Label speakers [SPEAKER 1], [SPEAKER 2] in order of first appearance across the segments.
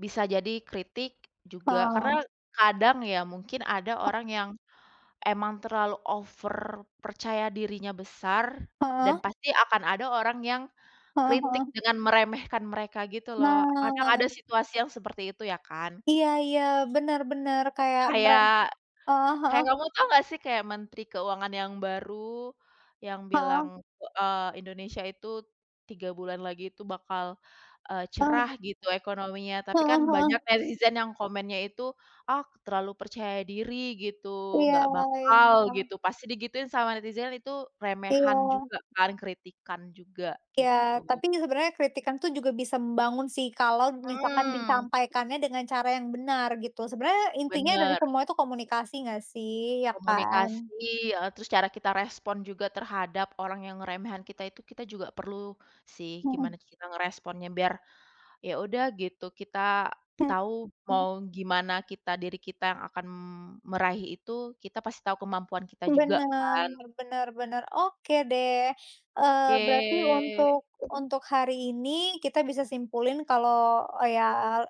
[SPEAKER 1] Bisa jadi kritik juga,
[SPEAKER 2] Oh.
[SPEAKER 1] karena kadang ya, mungkin ada
[SPEAKER 2] O
[SPEAKER 1] orang yang emang terlalu over, percaya dirinya besar dan
[SPEAKER 2] Heeh.
[SPEAKER 1] pasti akan ada orang yang
[SPEAKER 2] Heeh
[SPEAKER 1] kritik
[SPEAKER 2] heeh.
[SPEAKER 1] dengan meremehkan mereka gitu loh. Kadang ada
[SPEAKER 2] Nah.
[SPEAKER 1] situasi yang seperti itu ya kan?
[SPEAKER 2] Iya iya, benar benar, kayak merek
[SPEAKER 1] Kayak
[SPEAKER 2] heeh heeh.
[SPEAKER 1] kayak kamu tahu nggak sih, kayak Menteri Keuangan yang baru yang bilang,
[SPEAKER 2] Heeh.
[SPEAKER 1] e eee, Indonesia itu 3 bulan lagi itu bakal, eee,
[SPEAKER 2] Oh,
[SPEAKER 1] cerah
[SPEAKER 2] gitu.
[SPEAKER 1] gitu ekonominya, tapi
[SPEAKER 2] Heeh
[SPEAKER 1] kan
[SPEAKER 2] heeh.
[SPEAKER 1] banyak netizen yang komennya itu, "Ah terlalu percaya diri," gitu,
[SPEAKER 2] Iya
[SPEAKER 1] "nggak bakal,"
[SPEAKER 2] iya.
[SPEAKER 1] gitu. Pasti digituin sama netizen itu remehan
[SPEAKER 2] Iya.
[SPEAKER 1] juga kan, kritikan juga gitu.
[SPEAKER 2] Iya, tapi kan sebenarnya kritikan tuh juga bisa membangun sih kalau misalkan
[SPEAKER 1] Mmm.
[SPEAKER 2] disampaikannya dengan cara yang benar gitu. Sebenarnya intinya dari
[SPEAKER 1] Bener.
[SPEAKER 2] semua itu komunikasi nggak sih, iya
[SPEAKER 1] Komunikasi,
[SPEAKER 2] kan?
[SPEAKER 1] eee, terus cara kita respon juga terhadap orang yang ngeremehin kita itu, kita juga perlu sih
[SPEAKER 2] Heeh.
[SPEAKER 1] gimana kita ngeresponnya, biar ya udah gitu, kita tahu
[SPEAKER 2] Heeh.
[SPEAKER 1] mau gimana kita, diri kita yang akan meraih itu kita pasti tahu kemampuan kita juga
[SPEAKER 2] Benar
[SPEAKER 1] kan.
[SPEAKER 2] benar benar. Oke deh, eee,
[SPEAKER 1] Oke.
[SPEAKER 2] berarti untuk untuk hari ini kita bisa simpulin kalau ya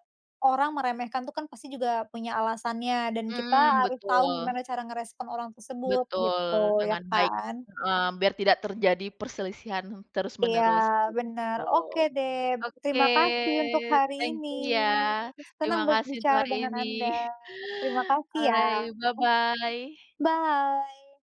[SPEAKER 2] orang meremehkan tuh kan pasti juga punya alasannya dan kita
[SPEAKER 1] Mmm,
[SPEAKER 2] harus tahu
[SPEAKER 1] betul.
[SPEAKER 2] gimana cara ngerespon orang tersebut gitu,
[SPEAKER 1] Betul.
[SPEAKER 2] iya
[SPEAKER 1] Dengan baik,
[SPEAKER 2] kan?
[SPEAKER 1] eee, biar tidak terjadi perselisihan
[SPEAKER 2] Iya,
[SPEAKER 1] terus-menerus
[SPEAKER 2] benar.
[SPEAKER 1] gitu.
[SPEAKER 2] Oke deh,
[SPEAKER 1] Oke,
[SPEAKER 2] terima kasih untuk hari
[SPEAKER 1] thank
[SPEAKER 2] ini.
[SPEAKER 1] you ya.
[SPEAKER 2] Senang
[SPEAKER 1] Terima kasih untuk
[SPEAKER 2] berbicara
[SPEAKER 1] hari
[SPEAKER 2] dengan
[SPEAKER 1] ini.
[SPEAKER 2] Anda. Terima kasih ya.
[SPEAKER 1] Alright bye-bye.
[SPEAKER 2] Bye.